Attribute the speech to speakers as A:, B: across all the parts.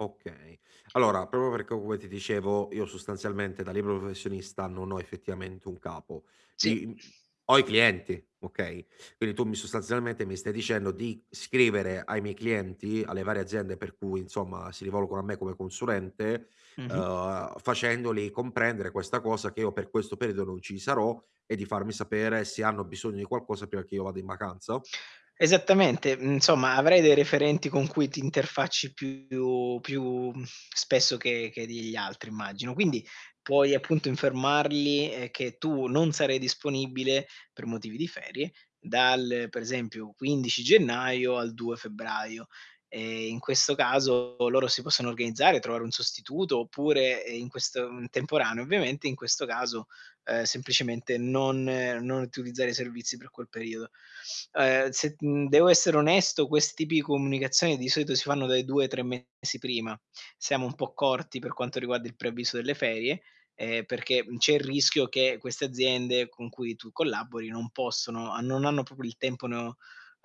A: Okay. Allora proprio perché come ti dicevo io sostanzialmente da libero professionista non ho effettivamente un capo.
B: Sì.
A: I mhmm, ho i clienti, okay, quindi tu mi sostanzialmente mi stai dicendo di scrivere ai miei clienti, alle varie aziende per cui insomma si rivolgono a me come consulente,
B: Mh-mh.
A: uhm, facendoli comprendere questa cosa che io per questo periodo non ci sarò e di farmi sapere se hanno bisogno di qualcosa prima che io vada in vacanza?
B: Esattamente, mhmm, insomma avrai dei referenti con cui ti interfacci più più, mhmm, spesso che che degli altri immagino. Quindi, puoi appunto informarli, ehm, che tu non sarai disponibile per motivi di ferie dal, per esempio, 15 gennaio al 2 febbraio. Ehm, in questo caso, loro si possono organizzare, trovare un sostituto oppure, ehm, in questo uhm, temporaneo ovviamente, in questo caso, ehm, semplicemente non ehm, non utilizzare i servizi per quel periodo. Ehm, se, mhmm, devo essere onesto, questi pi comunicazioni di solito si fanno dai 2 ai 3 mesi prima. Siamo un po' corti per quanto riguarda il preavviso delle ferie, ehm, perché, mhmm, c'è il rischio che queste aziende con cui tu collabori non possono a non hanno proprio il tempo no,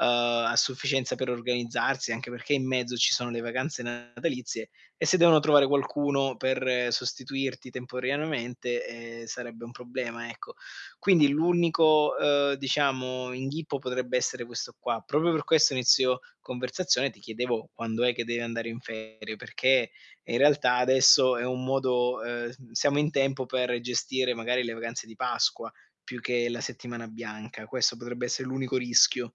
B: ehm, a sufficienza per organizzarsi, anche perché in mezzo ci sono le vacanze natalizie e se devono trovare qualcuno per sostituirti temporaneamente, ehm, sarebbe un problema, ecco. Quindi l'unico, ehm, diciamo inghippo potrebbe essere questo qua. Proprio per questo a inizio conversazione ti chiedevo quando è che devi andare in ferie, perché, eh in realtà adesso è un modo, ehm s siamo in tempo per gestire magari le vacanze di Pasqua più che la settimana bianca. Questo potrebbe essere l'unico rischio.